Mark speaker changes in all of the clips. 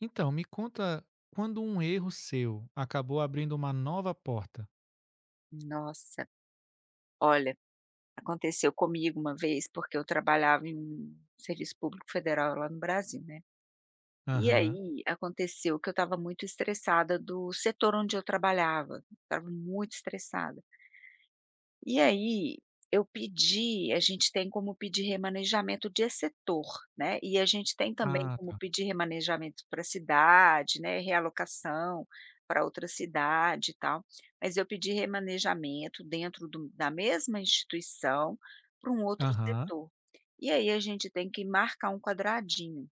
Speaker 1: Então, me conta quando um erro seu acabou abrindo uma nova porta?
Speaker 2: Nossa! Olha, aconteceu comigo uma vez, porque eu trabalhava em serviço público federal lá no Brasil, né, e
Speaker 1: Aham.
Speaker 2: aí aconteceu que eu estava muito estressada do setor onde eu trabalhava, estava muito estressada. E aí, eu pedi a gente tem como pedir remanejamento de setor, né, e a gente tem também
Speaker 1: Ah,
Speaker 2: como
Speaker 1: tá.
Speaker 2: pedir remanejamento para cidade, né, realocação para outra cidade e tal, mas eu pedi remanejamento dentro do da mesma instituição para um outro
Speaker 1: Aham.
Speaker 2: setor, e aí a gente tem que marcar um quadradinho,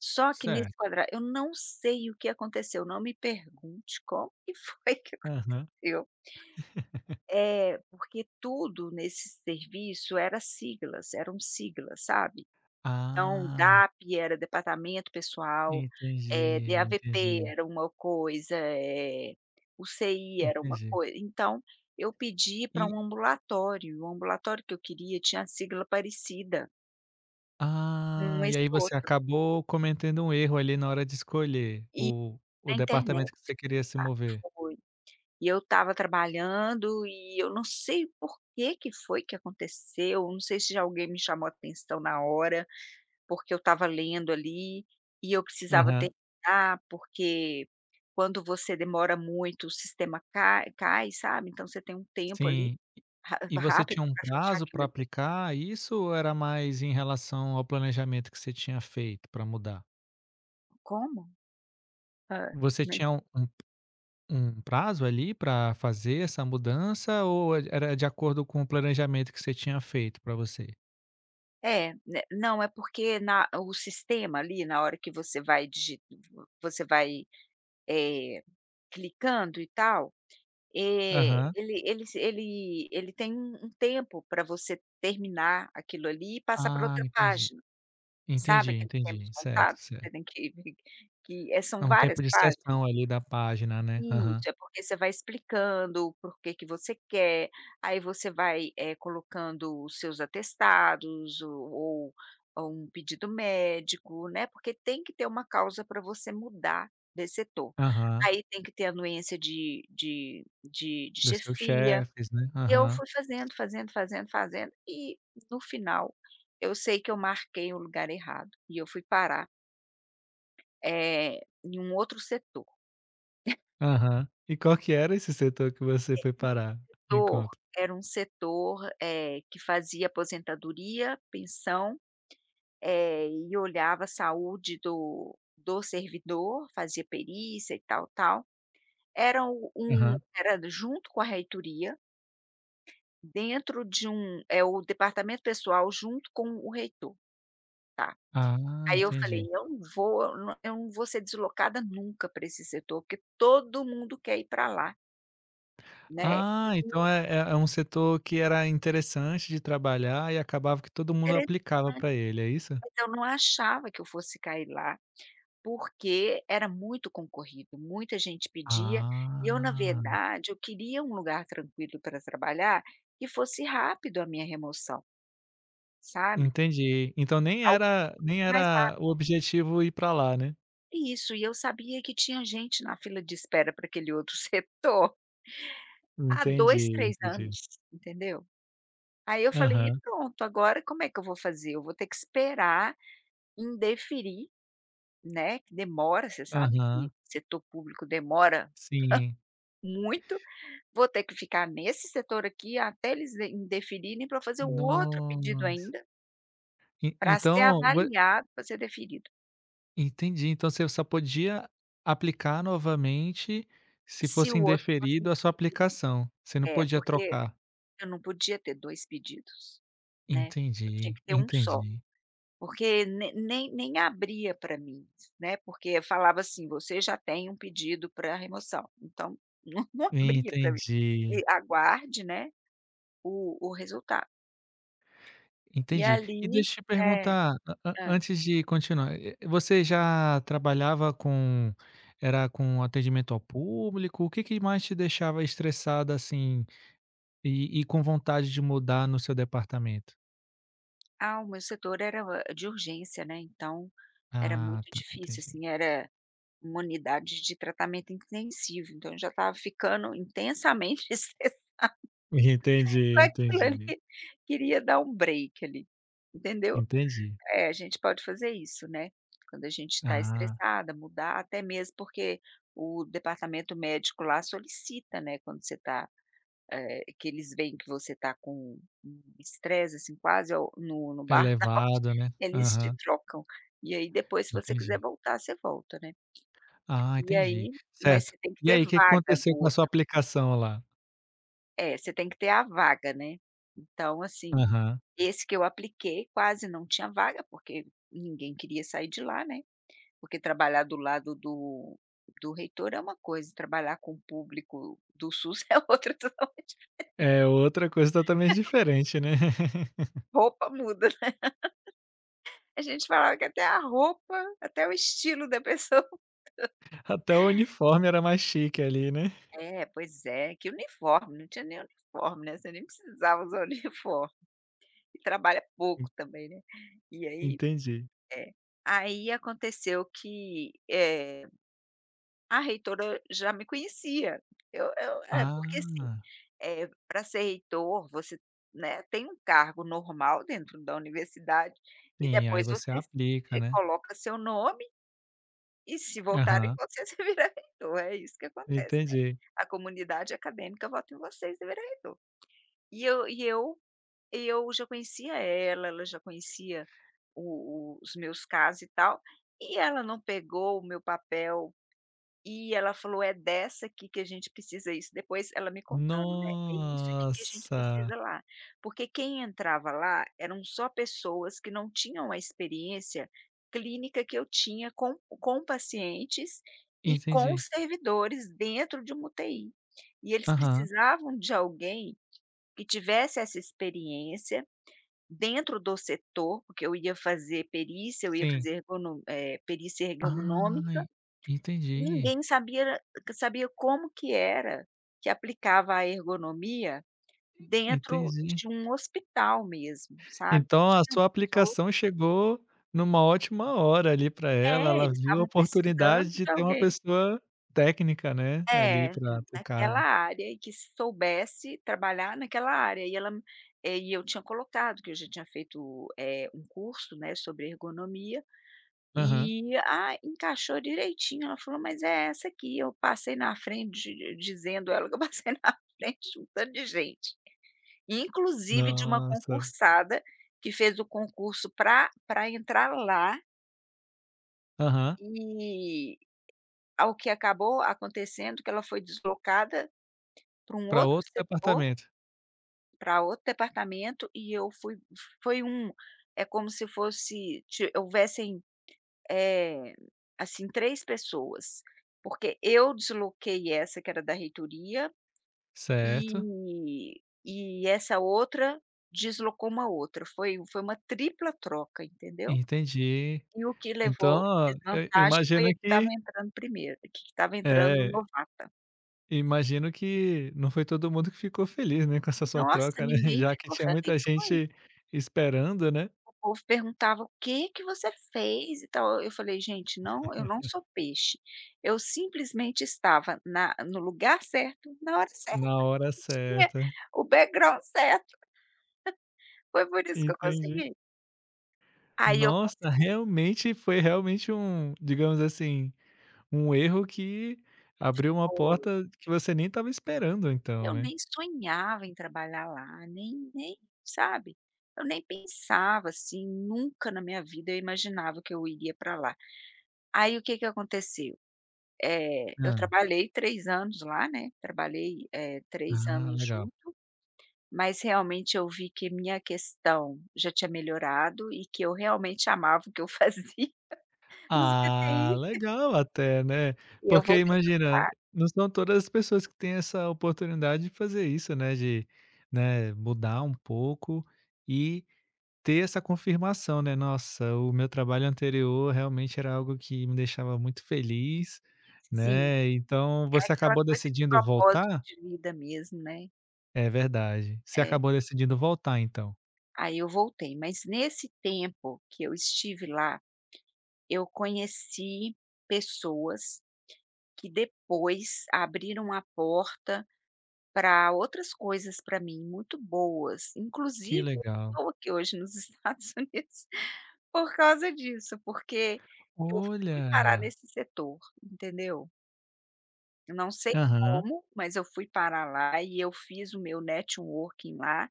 Speaker 2: só que nesse
Speaker 1: Certo.
Speaker 2: quadra eu não sei o que aconteceu, não me pergunte como que foi que
Speaker 1: Aham.
Speaker 2: aconteceu. É, Porque tudo nesse serviço era siglas, eram sigla, sabe, então
Speaker 1: Ah.
Speaker 2: DAP era departamento pessoal, eh,
Speaker 1: Entendi,
Speaker 2: DAVP
Speaker 1: entendi.
Speaker 2: era uma coisa, eh, UCI era uma
Speaker 1: Entendi.
Speaker 2: coisa então, eu pedi para
Speaker 1: E
Speaker 2: um ambulatório, e o ambulatório que eu queria tinha a sigla parecida. Hum,
Speaker 1: Ah, e
Speaker 2: esse
Speaker 1: aí você
Speaker 2: outro.
Speaker 1: acabou cometendo um erro ali na hora de escolher
Speaker 2: E
Speaker 1: o o
Speaker 2: na internet,
Speaker 1: departamento que você queria se
Speaker 2: [unintelligible]
Speaker 1: mover.
Speaker 2: foi, eu estava trabalhando e eu não sei por que que foi que aconteceu, não sei se já alguém me chamou atenção na hora, porque eu estava lendo ali e eu precisava
Speaker 1: Aham.
Speaker 2: terminar, porque quando você demora muito o sistema cai cai, sabe. Então você tem um tempo ali
Speaker 1: Sim,
Speaker 2: ra
Speaker 1: e e você
Speaker 2: rápido
Speaker 1: tinha um
Speaker 2: para fechar
Speaker 1: prazo
Speaker 2: aquilo
Speaker 1: para
Speaker 2: ali.
Speaker 1: aplicar isso ou era mais em relação ao planejamento que você tinha feito para mudar?
Speaker 2: Como? Hã,
Speaker 1: Você
Speaker 2: nem
Speaker 1: tinha u um um prazo, ali, para fazer essa mudança ou e era de acordo com o planejamento que você tinha feito para você?
Speaker 2: É, né, não é porque na o sistema ali na hora que você vai digi v você vai, eh, clicando e tal, eh,
Speaker 1: Aham.
Speaker 2: ele eles ele ele tem um um tempo para você terminar aquilo ali e passar para
Speaker 1: Ah,
Speaker 2: outra
Speaker 1: entendi.
Speaker 2: página, sabe
Speaker 1: Entendi,
Speaker 2: aqueles
Speaker 1: entendi,
Speaker 2: tempos
Speaker 1: certo,
Speaker 2: contados que
Speaker 1: certo.
Speaker 2: você tem que que eh, são
Speaker 1: É um
Speaker 2: várias
Speaker 1: tempo de
Speaker 2: páginas?
Speaker 1: sessão ali da página, né, aham.
Speaker 2: Isso, é porque você vai explicando o porquê que você quer, aí você vai, eh, colocando os seus atestados ou ou ou um pedido médico, né. Porque tem que ter uma causa para você mudar desse setor.
Speaker 1: Aham.
Speaker 2: Aí tem que ter anuência de de de de
Speaker 1: Dos seus
Speaker 2: chefia,
Speaker 1: chefes, né,
Speaker 2: e eu
Speaker 1: aham.
Speaker 2: fui fazendo, fazendo, fazendo, fazendo, e no final eu sei que eu marquei um lugar errado e eu fui parar Eh, em um outro setor.
Speaker 1: Aham. E qual que era esse setor que você
Speaker 2: [unintelligible]
Speaker 1: foi parar? me
Speaker 2: setor,
Speaker 1: conta!
Speaker 2: era um setor, eh, que fazia aposentadoria, pensão, eh, e olhava a saúde do do servidor, fazia perícia e tal, tal. Era um um
Speaker 1: Aham.
Speaker 2: era junto com a reitoria, dentro de um é o departamento pessoal junto com o reitor,
Speaker 1: Ah,
Speaker 2: tá. Aí eu falei:
Speaker 1: entendi.
Speaker 2: "Eu não vou, eu n eu não vou ser deslocada nunca para esse setor, porque todo mundo quer ir para lá" né,
Speaker 1: Ah, então
Speaker 2: e
Speaker 1: é é é um setor que era interessante de trabalhar e acabava que todo mundo aplicava
Speaker 2: Interessante,
Speaker 1: para ele, é isso?
Speaker 2: mas eu não achava que eu fosse cair lá, porque era muito concorrido, muita gente pedia, e eu, na
Speaker 1: Ah.
Speaker 2: verdade, eu queria um lugar tranquilo para trabalhar que fosse rápido a minha remoção sabe
Speaker 1: Entendi, então, nem
Speaker 2: algo
Speaker 1: era nem
Speaker 2: mais
Speaker 1: era o
Speaker 2: rápido.
Speaker 1: objetivo ir para lá, né?
Speaker 2: Isso. E eu sabia que tinha gente na fila de espera para aquele outro setor há 2,
Speaker 1: Entendi,
Speaker 2: 3
Speaker 1: entendi.
Speaker 2: anos, entendeu? Aí eu falei: "E,
Speaker 1: Aham.
Speaker 2: pronto, agora como é que eu vou fazer? Eu vou ter que esperar indeferir", né, que demora, você sabe que
Speaker 1: Aham.
Speaker 2: setor público demora
Speaker 1: Sim.
Speaker 2: muito, vou ter que ficar nesse setor aqui até eles in indeferirem, para eu fazer o outro pedido
Speaker 1: Nossa.
Speaker 2: ainda
Speaker 1: En
Speaker 2: para ser
Speaker 1: então, vo
Speaker 2: avaliado, para ser deferido.
Speaker 1: Entendi, então você só podia aplicar novamente se
Speaker 2: Se
Speaker 1: fosse
Speaker 2: o outro
Speaker 1: indeferido a sua
Speaker 2: [unintelligible]
Speaker 1: aplicação, você não
Speaker 2: é,
Speaker 1: podia
Speaker 2: porque
Speaker 1: trocar.
Speaker 2: eu não podia ter 2 pedidos, né, eu tinha
Speaker 1: Entendi,
Speaker 2: que ter 1 só,
Speaker 1: entendi.
Speaker 2: porque ne nem nem abria para mim, né, porque falava assim: "Você já tem um pedido para remoção", então não não abria para mim.
Speaker 1: Entendi.
Speaker 2: Aguarde, né, o o resultado. E
Speaker 1: Entendi.
Speaker 2: ali,
Speaker 1: E deixa eu te
Speaker 2: né
Speaker 1: perguntar, a a
Speaker 2: Hã.
Speaker 1: antes de continuar, eh -eh, você já trabalhava com era com atendimento ao público, o que que mais te deixava estressada assim, e e com vontade de mudar no seu departamento?
Speaker 2: Ah, o meu setor era o eh, de urgência, né, então, era
Speaker 1: Ah,
Speaker 2: muito
Speaker 1: tá
Speaker 2: difícil
Speaker 1: entendi.
Speaker 2: assim, era uma unidade de tratamento intensivo, então eu já estava ficando intensamente estressada.
Speaker 1: Entendi,
Speaker 2: Mas
Speaker 1: entendi.
Speaker 2: [unintelligible] queria dar um break ali, entendeu?
Speaker 1: Entendi.
Speaker 2: É, a gente pode fazer isso, né, quando a gente está
Speaker 1: Ah.
Speaker 2: estressada, mudar, até mesmo porque o departamento médico lá solicita, né, quando você está, eh, que eles veem que você está com um estresse assim, quase ao no no burnout
Speaker 1: Elevado né,
Speaker 2: eles te
Speaker 1: aham.
Speaker 2: trocam, e aí depois, se você quiser
Speaker 1: Entendi.
Speaker 2: voltar, você volta né.
Speaker 1: Ah,
Speaker 2: E
Speaker 1: entendi,
Speaker 2: aí, mas
Speaker 1: certo.
Speaker 2: você tem que
Speaker 1: E
Speaker 2: ter
Speaker 1: aí o que que
Speaker 2: vaga do
Speaker 1: aconteceu com a sua
Speaker 2: outro.
Speaker 1: aplicação, lá?
Speaker 2: É você tem que ter a vaga, né. Então, assim,
Speaker 1: Aham.
Speaker 2: esse que eu apliquei, quase não tinha vaga, porque ninguém queria sair de lá né, porque trabalhar do lado do do reitor é uma coisa e trabalhar com o público do SUS é outra totalmente diferente.
Speaker 1: É outra coisa totalmente
Speaker 2: [unintelligible]
Speaker 1: diferente, né.
Speaker 2: Roupa muda, né. A gente falava que até a roupa, até o estilo da pessoa mudou.
Speaker 1: Até o uniforme era mais chique ali, né.
Speaker 2: É, pois é. Que uniforme? Não tinha nem uniforme, né, você nem precisava usar uniforme e trabalha pouco também, né. E aí
Speaker 1: Entendi.
Speaker 2: É. Aí aconteceu que, eh, a reitora já me conhecia. Eu eu é porque, assim,
Speaker 1: Ah.
Speaker 2: pra ser reitor, você, né, tem um cargo normal dentro da universidade e
Speaker 1: Sim, aí
Speaker 2: depois
Speaker 1: você
Speaker 2: você es
Speaker 1: aplica,
Speaker 2: eh,
Speaker 1: né.
Speaker 2: coloca seu nome e se votarem em
Speaker 1: Aham.
Speaker 2: você, você vira reitor. É isso que acontece, né,
Speaker 1: Entendi.
Speaker 2: a comunidade acadêmica vota em você, e você vira reitor. E eu e eu e eu já conhecia ela, ela já conhecia o o os meus casos e tal, e ela não pegou o meu papel e ela falou: “É dessa aqui que a gente precisa”. Isso, depois ela me contando, né: “É isso aqui que a gente precisa
Speaker 1: Nossa.
Speaker 2: lá”, porque quem entrava lá eram só pessoas que não tinham a experiência clínica que eu tinha com com pacientes e com
Speaker 1: Entendi.
Speaker 2: servidores dentro de uma UTI, e eles
Speaker 1: Aham.
Speaker 2: precisavam de alguém que tivesse essa experiência dentro do setor, porque eu ia fazer perícia, eu ia
Speaker 1: Sim.
Speaker 2: fazer ergono eh, perícia ergonômica.
Speaker 1: Ai,
Speaker 2: Ninguém
Speaker 1: entendi.
Speaker 2: sabia era q sabia como que era que aplicava a ergonomia dentro
Speaker 1: Entendi.
Speaker 2: de um hospital mesmo, sabe.
Speaker 1: Então a
Speaker 2: Tinham
Speaker 1: sua
Speaker 2: pessoas
Speaker 1: aplicação chegou em uma ótima hora ali para ela.
Speaker 2: É,
Speaker 1: Ela
Speaker 2: eles
Speaker 1: viu a
Speaker 2: estavam
Speaker 1: oportunidade
Speaker 2: precisando
Speaker 1: de
Speaker 2: de
Speaker 1: ter uma
Speaker 2: alguém.
Speaker 1: pessoa técnica, né, ali
Speaker 2: É,
Speaker 1: para para o
Speaker 2: naquela
Speaker 1: cargo.
Speaker 2: área e que soubesse trabalhar naquela área. E ela é, e eu tinha colocado que eu já tinha feito, eh, um curso, né, sobre ergonomia,
Speaker 1: Aham.
Speaker 2: e, ah, encaixou direitinho. Ela falou: "Mas é essa aqui." Eu passei na frente di dizendo ela que eu passei na frente de um tanto de gente, e inclusive uma
Speaker 1: Nossa.
Speaker 2: concursada que fez o concurso para para entrar lá
Speaker 1: Aham.
Speaker 2: Eh, ao que acabou acontecendo que ela foi deslocada, para um
Speaker 1: Para
Speaker 2: outro
Speaker 1: outro
Speaker 2: setor
Speaker 1: departamento.
Speaker 2: para outro departamento e eu fui foi um é como se fosse te houvessem, eh, assim 3 pessoas. Porque eu desloquei essa que era da reitoria,
Speaker 1: Certo.
Speaker 2: eh, e essa outra deslocou uma outra. Foi foi uma tripla troca, entendeu?
Speaker 1: Entendi.
Speaker 2: E o que
Speaker 1: Então,
Speaker 2: levou
Speaker 1: ó, e eu
Speaker 2: desvantagem foi
Speaker 1: imagino
Speaker 2: a que estava
Speaker 1: que
Speaker 2: entrando primeiro, que estava entrando
Speaker 1: É.
Speaker 2: novata.
Speaker 1: Imagino que não foi todo mundo que ficou feliz, né, com essa sua
Speaker 2: Nossa,
Speaker 1: troca, né,
Speaker 2: ninguém
Speaker 1: já que
Speaker 2: ficou
Speaker 1: tinha muita
Speaker 2: feliz com isso.
Speaker 1: gente esperando, né.
Speaker 2: O povo perguntava: "O que que você fez? E tal", e eu falei: "Gente, não, eu não sou peixe, eu simplesmente estava na no lugar certo, na hora certa,
Speaker 1: Na hora
Speaker 2: isso que é
Speaker 1: certa.
Speaker 2: o background certo". Foi por isso que eu
Speaker 1: Entendi.
Speaker 2: consegui. Aí eu
Speaker 1: Nossa,
Speaker 2: consegui.
Speaker 1: realmente foi realmente um digamos assim, um erro que abriu uma
Speaker 2: Foi.
Speaker 1: porta que você nem estava esperando então,
Speaker 2: Eu
Speaker 1: né.
Speaker 2: nem sonhava em trabalhar lá, nem nem, sabe? Eu nem pensava assim, nunca na minha vida eu imaginava que eu iria para lá. Aí o que que aconteceu? Eh, eu
Speaker 1: Hã.
Speaker 2: trabalhei 3 anos lá, né, trabalhei, eh, 3
Speaker 1: Ah,
Speaker 2: anos
Speaker 1: legal.
Speaker 2: junto, mas, realmente, eu vi que minha questão já tinha melhorado e que eu realmente amava o que eu fazia no
Speaker 1: Ah,
Speaker 2: CTI.
Speaker 1: legal até, né.
Speaker 2: E eu
Speaker 1: Porque
Speaker 2: voltei
Speaker 1: imagina,
Speaker 2: para [unintelligible]
Speaker 1: não são todas as pessoas que têm essa oportunidade de fazer isso, né, de, né, mudar um pouco, e ter essa confirmação, né: "Nossa, o meu trabalho anterior realmente era algo que me deixava muito feliz",
Speaker 2: Sim,
Speaker 1: né, então
Speaker 2: é
Speaker 1: você
Speaker 2: aquela
Speaker 1: acabou
Speaker 2: coisa de
Speaker 1: decidindo
Speaker 2: propósito
Speaker 1: voltar?
Speaker 2: de vida mesmo, né.
Speaker 1: É verdade, você
Speaker 2: É.
Speaker 1: acabou decidindo voltar, então?
Speaker 2: Aí eu voltei, mas nesse tempo que eu estive lá, eu conheci pessoas que depois abriram a porta para outras coisas para mim muito boas,
Speaker 1: Que
Speaker 2: inclusive eu
Speaker 1: legal.
Speaker 2: estou aqui hoje, nos Estados Unidos, por causa disso, porque eu fui parar
Speaker 1: Olha!
Speaker 2: nesse setor, entendeu? Eu não sei
Speaker 1: Aham.
Speaker 2: como, mas eu fui parar lá e eu fiz o meu networking lá,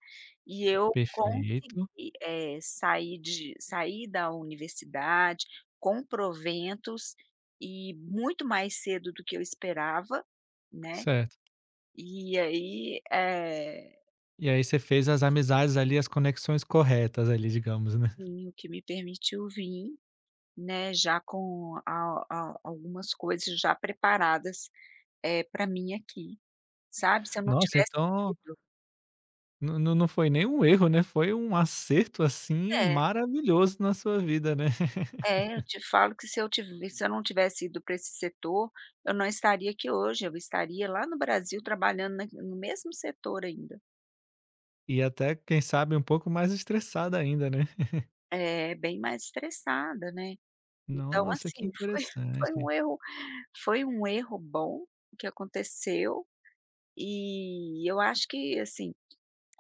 Speaker 2: e eu
Speaker 1: Perfeito.
Speaker 2: consegui, eh, sair de sair da universidade com proventos e muito mais cedo do que eu esperava, né.
Speaker 1: Certo.
Speaker 2: E aí, eh
Speaker 1: E aí você fez as
Speaker 2: [unintelligible]
Speaker 1: amizades, ali, as conexões corretas, ali, digamos, né?
Speaker 2: Sim, o que me permitiu vir, né, já com a a algumas coisas já preparadas, eh, para mim aqui, sabe. Se eu não
Speaker 1: Nossa,
Speaker 2: tivesse
Speaker 1: então
Speaker 2: ido
Speaker 1: não não não foi nem um erro, né, foi um acerto, assim,
Speaker 2: É.
Speaker 1: maravilhoso na sua vida, né?
Speaker 2: É, eu te falo que se eu se eu não tivesse ido para esse setor, eu não estaria aqui hoje, eu estaria lá no Brasil trabalhando na no mesmo setor ainda.
Speaker 1: E até, quem sabe, um pouco mais estressada ainda, né?
Speaker 2: É, bem mais estressada, né? Então,
Speaker 1: Nossa, que
Speaker 2: assim, foi foi
Speaker 1: interessante!
Speaker 2: um erro foi um erro bom que aconteceu, e eu acho que, assim,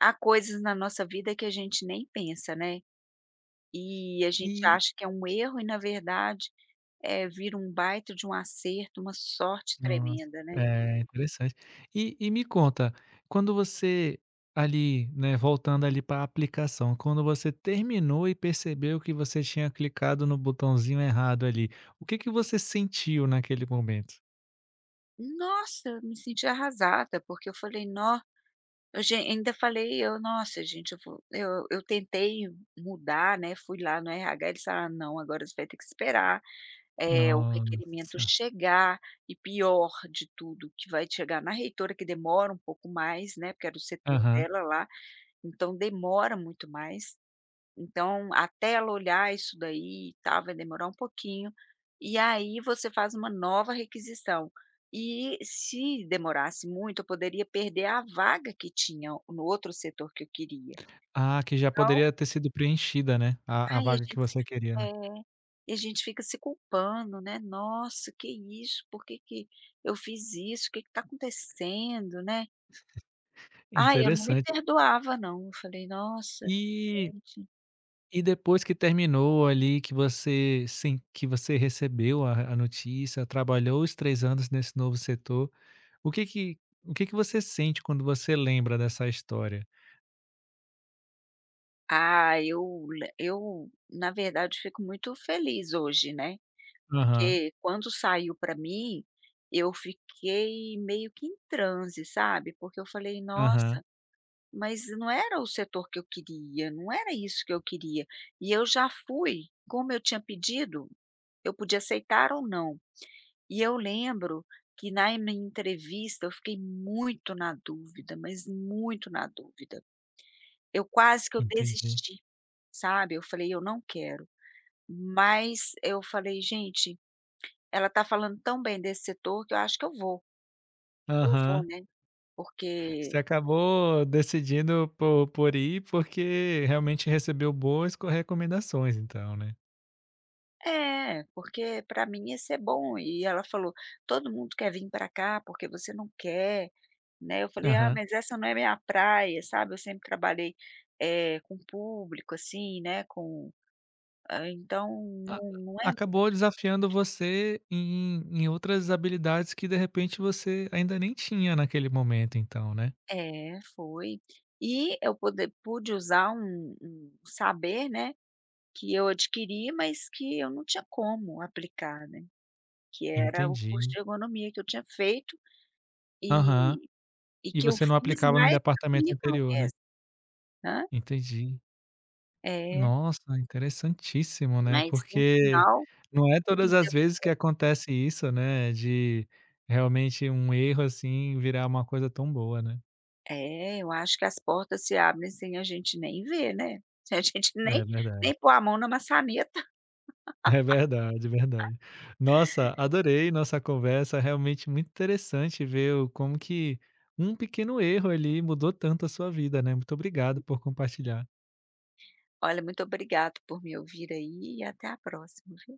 Speaker 2: há coisas na nossa vida que a gente nem pensa, né? E a gente
Speaker 1: E
Speaker 2: acha que é um erro e, na verdade, eh, vira um baita de um acerto, uma sorte
Speaker 1: Nossa,
Speaker 2: tremenda, né?
Speaker 1: é, interessante. E e me conta, quando você, ali né, voltando ali para aplicação, quando você terminou e percebeu que você tinha clicado no botãozinho errado ali, o que que você sentiu naquele momento?
Speaker 2: Nossa! Me senti arrasada, porque eu falei: "Nó". O ge ainda falei: "Eu, nossa gente eu vou" Eu eu tentei mudar, né, fui lá no RH, eles falaram: "Não, agora você vai ter que esperar, eh, o requerimento
Speaker 1: Nossa!
Speaker 2: chegar, e pior de tudo que vai chegar na reitora, que demora um pouco mais, né, porque era o setor
Speaker 1: Aham.
Speaker 2: dela lá, então demora muito mais, então, até ela olhar isso daí e tal vai demorar um pouquinho, e aí você faz uma nova requisição". E se demorasse muito eu poderia perder a vaga que tinha no outro setor que eu queria,
Speaker 1: Ah, que já
Speaker 2: então
Speaker 1: poderia ter sido preenchida, né, a a
Speaker 2: Ai, a
Speaker 1: vaga que
Speaker 2: gente
Speaker 1: você queria,
Speaker 2: É.
Speaker 1: né.
Speaker 2: E a gente fica se culpando, né. "Nossa, que isso, por que que eu fiz isso? Que que tá acontecendo. né?" Ai, eu não me
Speaker 1: Interessante.
Speaker 2: perdoava não, eu falei: "Nossa,
Speaker 1: E
Speaker 2: gente".
Speaker 1: e depois que terminou ali, que você sim, que você recebeu a a notícia, trabalhou os 3 anos nesse novo setor, o que que o que que você sente quando você lembra dessa história?
Speaker 2: Ah, eu le eu, na verdade, fico muito feliz hoje, né.
Speaker 1: Aham.
Speaker 2: Porque, quando saiu para mim, eu fiquei meio que em transe sabe, porque eu falei:
Speaker 1: Aham.
Speaker 2: "Nossa, mas não era o setor que eu queria, não era isso que eu queria", e eu já fui como eu tinha pedido, eu podia aceitar ou não. E eu lembro que na minha entrevista, eu fiquei muito na dúvida, mas muito na dúvida. Eu quase que eu
Speaker 1: Entendi.
Speaker 2: desisti, sabe. Eu falei: "Eu não quero", mas eu falei: "Gente, ela está falando tão bem desse setor, que eu acho que eu vou, eu vou,
Speaker 1: Aham.
Speaker 2: né", Porque
Speaker 1: Você acabou decidindo por por ir porque realmente recebeu boas co recomendações então, né.
Speaker 2: Eh, porque para mim ia ser bom e ela falou: "Todo mundo quer vim para cá, porque você não quer?", né, eu falei: "Ah
Speaker 1: Aham.
Speaker 2: mas essa não é minha praia, sabe, eu sempre trabalhei, eh, com público assim, né, com", hã, então
Speaker 1: Ac
Speaker 2: não não é muito
Speaker 1: acabou desafiando você em em outras habilidades que, de repente, você ainda nem tinha naquele momento, então, né.
Speaker 2: Eh, foi. E eu poder pude usar um um saber, né, que eu adquiri, mas que eu não tinha como aplicar, né, que era o curso
Speaker 1: Entendi.
Speaker 2: de ergonomia que eu tinha feito, eh,
Speaker 1: Aham.
Speaker 2: e
Speaker 1: E
Speaker 2: que eu
Speaker 1: você não
Speaker 2: fiz,
Speaker 1: aplicava no
Speaker 2: né, por
Speaker 1: departamento
Speaker 2: curriculo
Speaker 1: anterior, né.
Speaker 2: mesmo. Ha?
Speaker 1: Entendi.
Speaker 2: É.
Speaker 1: Nossa, interessantíssimo, né,
Speaker 2: Mas no
Speaker 1: porque,
Speaker 2: final,
Speaker 1: não é
Speaker 2: tudo
Speaker 1: todas as
Speaker 2: deu
Speaker 1: vezes que
Speaker 2: certo.
Speaker 1: acontece isso, né, de, realmente um erro assim virar uma coisa tão boa, né.
Speaker 2: É, eu acho que as portas se abrem sem a gente nem ver, né. Se a gente nem,
Speaker 1: É verdade.
Speaker 2: nem pôr a mão na maçaneta
Speaker 1: É verdade, verdade. Nossa, adorei nossa conversa, realmente muito interessante ver o como que um pequeno erro ali, mudou tanto a sua vida, né, muito obrigado por compartilhar.
Speaker 2: Olha, muito obrigado por me ouvir aí e até a próxima viu?